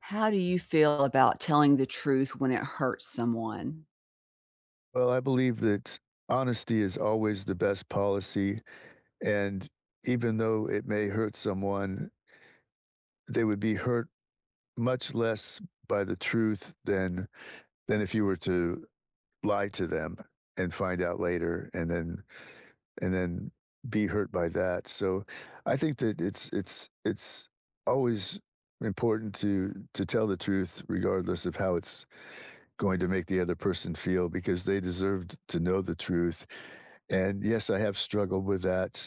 How do you feel about telling the truth when it hurts someone? Well, I believe that honesty is always the best policy, and even though it may hurt someone they would be hurt much less by the truth than than if you were to lie to them and find out later and then and then be hurt by that, so, I think that it's it's it's always important to to tell the truth regardless of how it's going to make the other person feel because they deserved to know the truth. And, yes, I have struggled with that,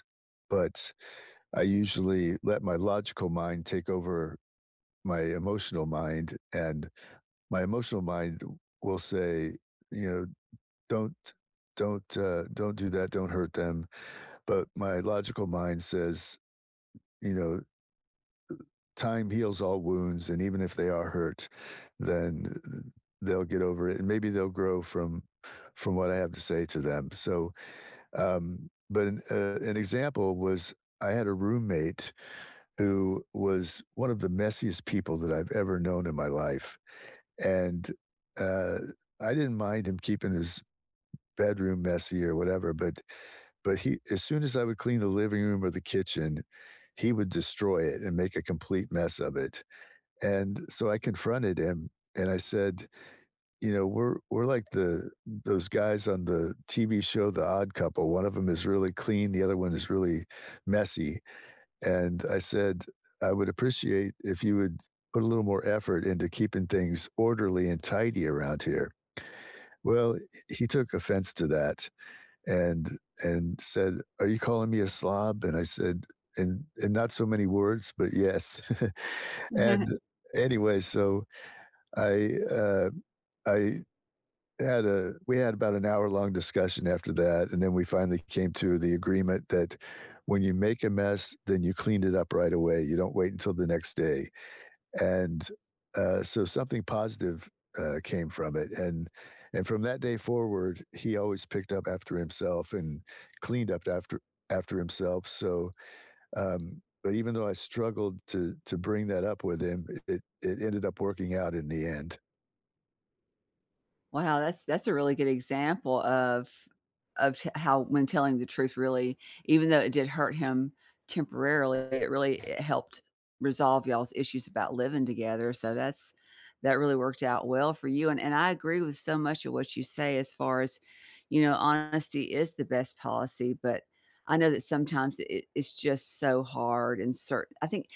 but I usually let my logical mind take over my emotional mind, and my emotional mind will say, you know, "Don't don't, uh don't do that, don't hurt them." But my logical mind says, you know, "Time heals all wounds, and even if they are hurt, then, e e they'll get over it, and, maybe they'll grow from from what I have to say to them.” So, um but, uh, an example was I had a roommate who was one of the messiest people that I've ever known in my life, and, uh, I didn't mind him keeping his bedroom messy or whatever, but but he as soon as I would clean the living room or the kitchen, he would destroy it and make a complete mess of it. And so, I confronted him, and I said, you know, "We're we're like the those guys on the TV show, The Odd Couple; one of them is really clean, the other one is really messy." And I said, "I would appreciate if you would put a little more effort into keeping things orderly and tidy around here." Well, h he took offense to that and and said, "Are you calling me a slob?" And I said, "In in not so many words, but, yes," and anyway, so, I um, I had a we had about an hour-long discussion after that, and then we finally came to the agreement that when you make a mess, then you cleaned it up right away, you don't wait until the next day, and, uh, so, something positive, uh, came from it, and and from that day forward, he always picked up after himself and cleaned up after after himself, so, um, but even though I struggled to to bring that up with him, it it it ended up working out in the end. Wow, that's that's a really good example of of te how when telling the truth really even though it did hurt him temporarily, it really it helped resolve y'all's issues about living together, so that's that really worked out well for you, and and I agree with so much of what you say as far as, you know, honesty is the best policy. But, I know that sometimes it it it's just so hard and cert I think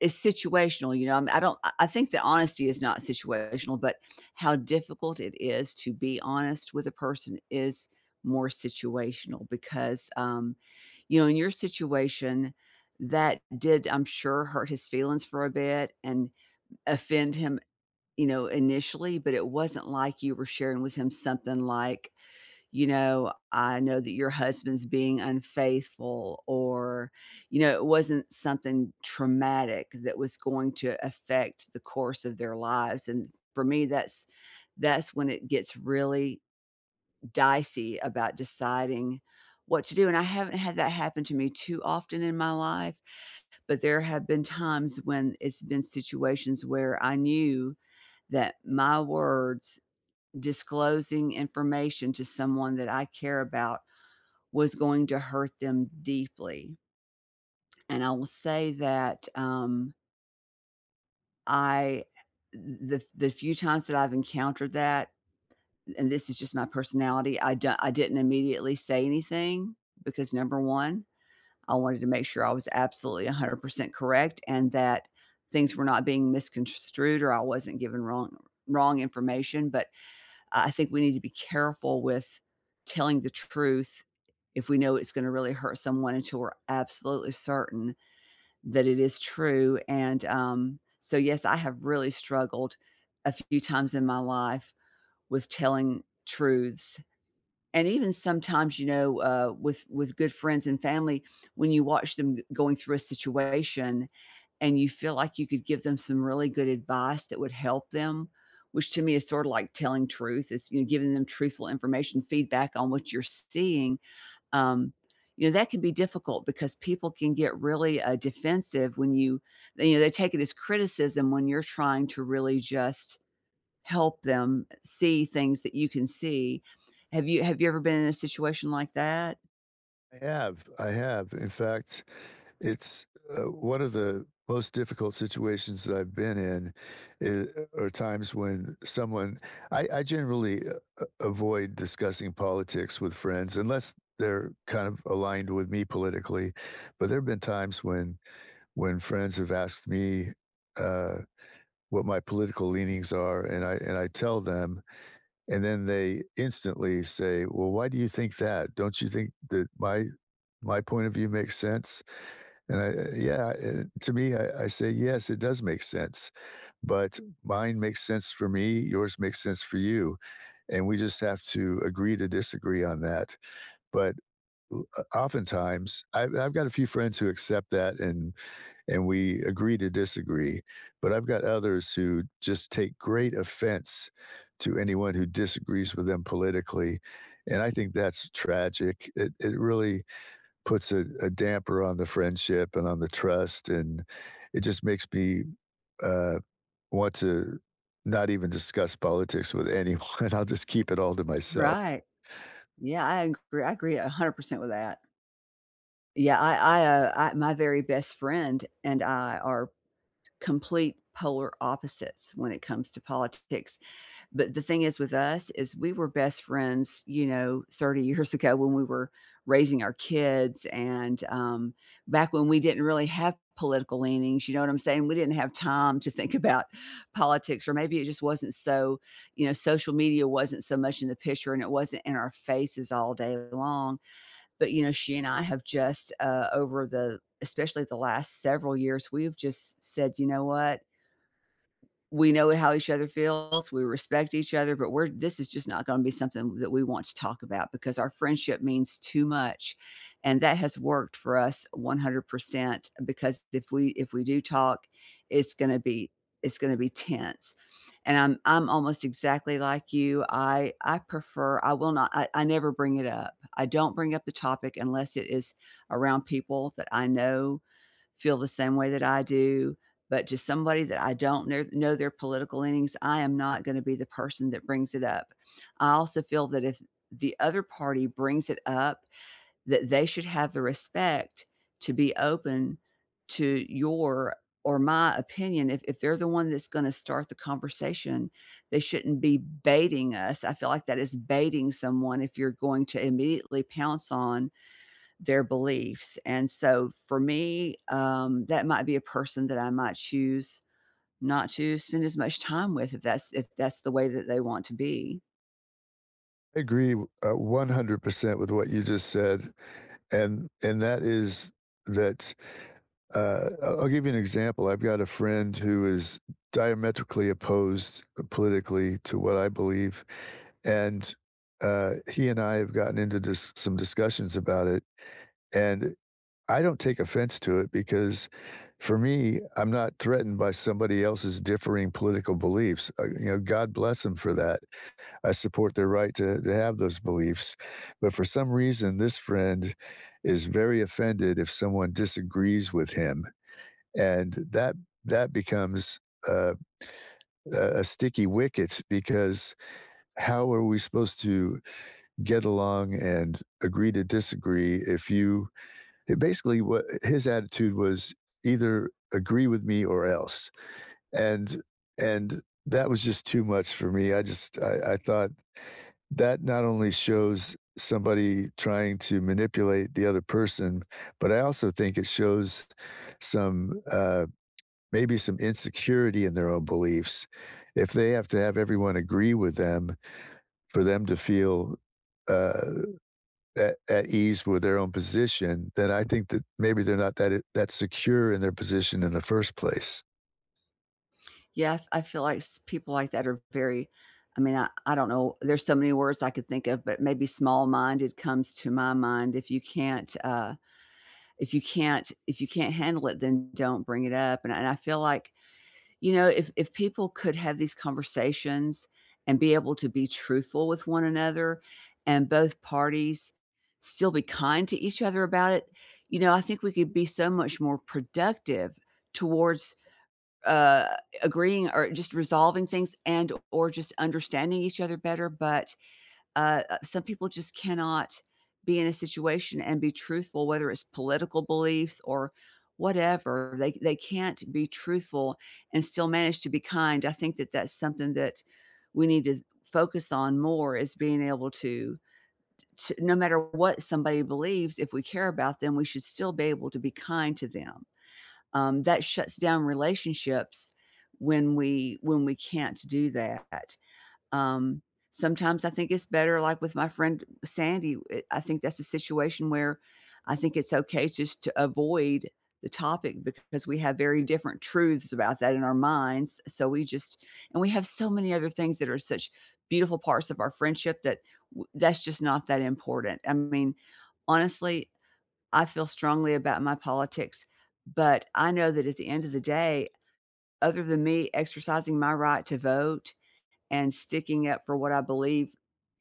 it's situational, you know, I'm I don't I I think that honesty is not situational, but how difficult it is to be honest with a person is more situational, because, um, you know, in your situation, that did I'm sure, hurt his feelings for a bit and offend him, you know, initially, but it wasn't like you were sharing with him something like, you know, I know that your husband's being unfaithful or, you know, it wasn't something traumatic that was going to affect the course of their lives, and for me, that's that's when it gets really dicey about deciding what to do, and I haven't had that happen to me too often in my life, but there have been times when it's been situations where I knew that my words disclosing information to someone that I care about was going to hurt them deeply. And I will say that, um I uh uh, the f the few times that I've encountered that and this is just my personality, I di I didn't immediately say anything because, number 1, I wanted to make sure I was absolutely 100% correct and that things were not being misconstrued or I wasn't given wrong wrong information, but I I think we need to be careful with telling the truth if we know it's gonna really hurt someone until we're absolutely certain that it is true, and, um so, yes, I have really struggled a few times in my life with telling truths. And even sometimes, you know, uh, with with good friends and family, when you watch them g going through a situation and you feel like you could give them some really good advice that would help them, which to me is sorta like telling truth is you giving them truthful information feedback on what you're seeing, um, you know, that can be difficult because people can get really, uh, defensive when you they you know, they take it as criticism when you're trying to really just help them see things that you can see. Have you have you ever been in a situation like that? I have, I have. In fact, it's, uh, one of the most difficult situations that I've been in i are times when someone I I generally a a avoid discussing politics with friends unless they're kind of aligned with me politically, but there've been times when when friends have asked me, uh, what my political leanings are, and I and I tell them, and then they instantly say, “Well, why do you think that? Don't you think that my my point of view makes sense?” And I Yeah, to me, I I say, “Yes, it does make sense, but mine makes sense for me, yours makes sense for you, and we just have to agree to disagree on that.” But o o oftentimes, I've I've got a few friends who accept that and and we agree to disagree, but I've got others who just take great offense to anyone who disagrees with them politically, and I think that's tragic, it it really puts a a damper on the friendship and on the trust, and it just makes me, uh, want to not even discuss politics with anyone. I'll just keep it all to myself. Right. Yeah, I agr I agree 100% with that. Yeah, I I, uh uh, my very best friend and I are complete polar opposites when it comes to politics, but the thing is, with us, is we were best friends, you know, 30 years ago when we were raising our kids and, um, back when we didn't really have political leanings, you know what I'm saying? We didn't have time to think about politics or maybe it just wasn't so you know, social media wasn't so much in the picture, and it wasn't in our faces all day long. But, you know, she and I have just, uh, over the especially the last several years, we've just s said, you know what? We know how each other feels, we respect each other, but we're this is just not gonna be something that we want to talk about because our friendship means too much, and that has worked for us 100% because, if we if we do talk, it's gonna be it's gonna be tense, and I'm I'm almost exactly like you, I I prefer I will not I I never bring it up. I don't bring up the topic unless it is around people that I know feel the same way that I do, but to somebody that I don't kne know their political leanings, I am not gonna be the person that brings it up. I also feel that if the other party brings it up, that they should have the respect to be open to your, or my opinion. If if they're the one that's gonna start the conversation, they shouldn't be baiting us, I feel like that is baiting someone if you're going to immediately pounce on their beliefs, and so, for me, um, that might be a person that I might choose not to spend as much time with if that's if that's the way that they want to be. Agree w uh, 100% with what you just said and and that is that, uh, I I'll give you an example. I've got a friend who is diametrically opposed, uh, politically to what I believe, and, uh, he and I have gotten into dis some discussions about it, and I don't take offense to it because, for me, I'm not threatened by somebody else's differing political beliefs, uh, you know, God bless him for that. I support their right to to have those beliefs but for some reason, this friend is very offended if someone disagrees with him and that that becomes, uh, a a sticky wicket because how are we supposed to get along and agree to disagree if you He basically wa uh, his attitude was either agree with me or else, and and that was just too much for me, I just I I thought that not only shows somebody trying to manipulate the other person, but I also think it shows some, uh, maybe some insecurity in their own beliefs. If they have to have everyone agree with them for them to feel, uh, at at ease with their own position, then I think that maybe they're not that it that secure in their position in the first place. Yeah, f I feel, like, s people like that are very I mean, I I don't know, there's so many words I could think of, but maybe "small-minded" comes to my mind; if you can't, uh if you can't if you can't handle it, then don't bring it up, and I I feel like, you know, if if people could have these conversations and be able to be truthful with one another and both parties still be kind to each other about it, you know, I think we could be so much more productive towards, uh, agreeing or just resolving things and or just understanding each other better, but, uh, some people just cannot be in a situation and be truthful, whether it's political beliefs or whatever. They they can't be truthful and still manage to be kind; I think that that's something that we need to focus on more is being able to t no matter what somebody believes, if we care about them, we should still be able to be kind to them. Um, that shuts down relationships when we when we can't do that. Um, sometimes I think it's better, like, with my friend Sandy, eh, I think that's a situation where I think it's okay just to avoid the topic because we have very different truths about that in our minds, so we just and we have so many other things that are such beautiful parts of our friendship that w that's just not that important, I mean, honestly, I feel strongly about my politics, but I know that at the end of the day, other than me exercising my right to vote and sticking up for what I believe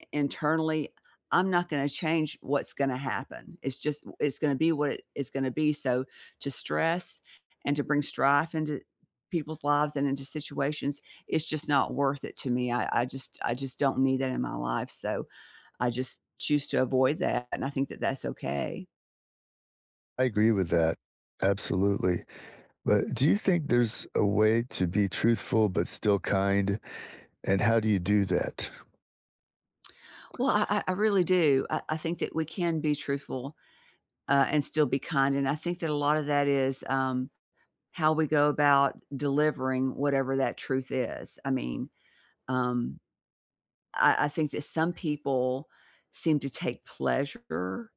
i internally, I'm not gonna change what's gonna happen; it's just it's gonna be what it's gonna be, so, to stress and to bring strife into people's lives and into situations, is just not worth it to me. I I just I just don't need that in my life, so, I just choose to avoid that, and I think that that's okay. I agree with that. Absolutely. But do you think there's a way to be truthful but still kind, and how do you do that? Well, I I I really do. I I think that we can be truthful, uh, and still be kind and I think that a lotta that is, um, how we go about delivering whatever that truth is. I mean, um, I I think that some people seem to take pleasure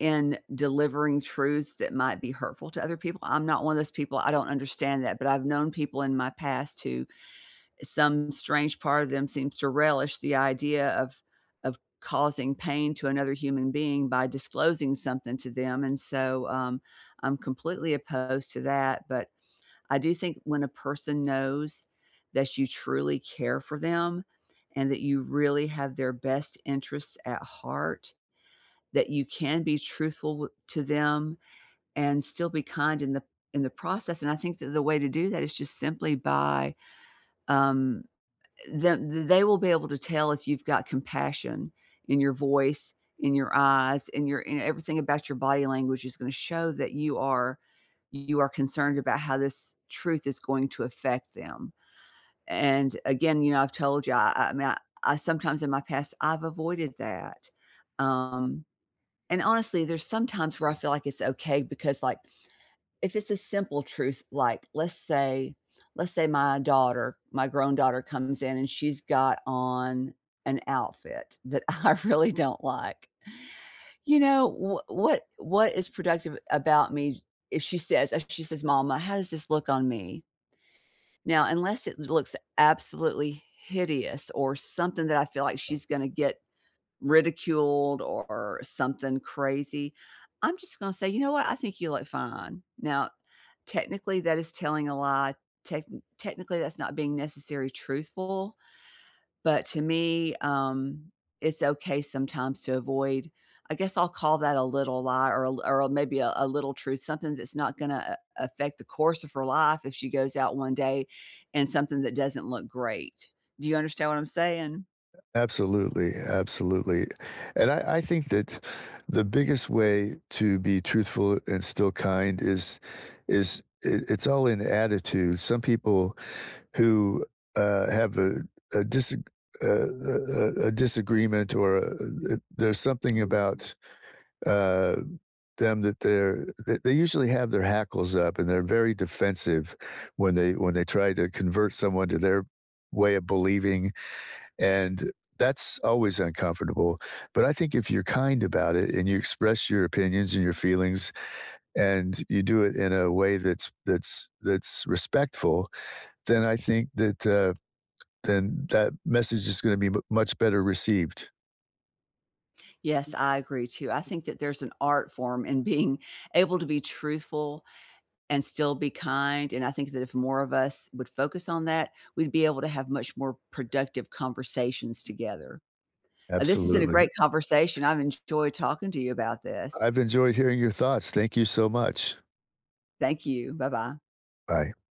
in delivering truths that might be hurtful to other people; I'm not one of those people, I don't understand that, but I've known people in my past who eh, some strange part of them seems to relish the idea of of causing pain to another human being by disclosing something to them and so, um, I'm completely opposed to that, but I do think when a person knows that you truly care for them and that you really have their best interests at heart, that you can be truthful w to them and still be kind in the in the process, and I think that the way to do that is just simply by, um, eh, eh, them th they will be able to tell if you've got compassion in your voice, in your eyes, in your in e everything about your body language is gonna show that you are you are concerned about how this truth is going to affect them. And, again, you know, I've told you, I I mean, I sometimes in my past, I've avoided that. Um, and honestly there's some times where I feel like it's okay because, like, if it's a simple truth, like, let's say let's say my daughter, my grown daughter, comes in, and she's got on an outfit that I really don't like. You know, wh what what is productive about me if she says if she says, "Mama, how does this look on me?" Now, unless it looks absolutely hideous or something that I feel like she's gonna get ridiculed or something crazy, I'm just gonna say, "You know what? I think you look fine." Now, technically, that is telling a lie, techni technically, that's not being necessary truthful, but to me, um, it's okay sometimes to avoid I guess I'll call that "a little lie" or a l or a maybe a "a little truth," something that's not gonna a affect the course of her life if she goes out one day in something that doesn't look great. Do you understand what I'm saying? A absolutely, absolutely, and I I think that the biggest way to be truthful and still kind is is i it's all in attitude. Some people who, uh, have a a disag a a a a disagreement or a a there's something about, uh, them that they're th they usually have their hackles up and they're very defensive when they when they try to convert someone to their way of believing, and that's always uncomfortable, but I think if you're kind about it and you express your opinions and your feelings and you do it in a way that's that's that's respectful, then I think that, uh then that message is gonna be m much better received. Yes, I agree too. I think that there's an art form in being able to be truthful and still be kind, and I think that if more of us would focus on that, we'd be able to have much more productive conversations together. Uh, this has been a Absolutely. great conversation. I've enjoyed talking to you about this. I've enjoyed hearing your thoughts. Thank you so much. Thank you. Bye-bye. Bye.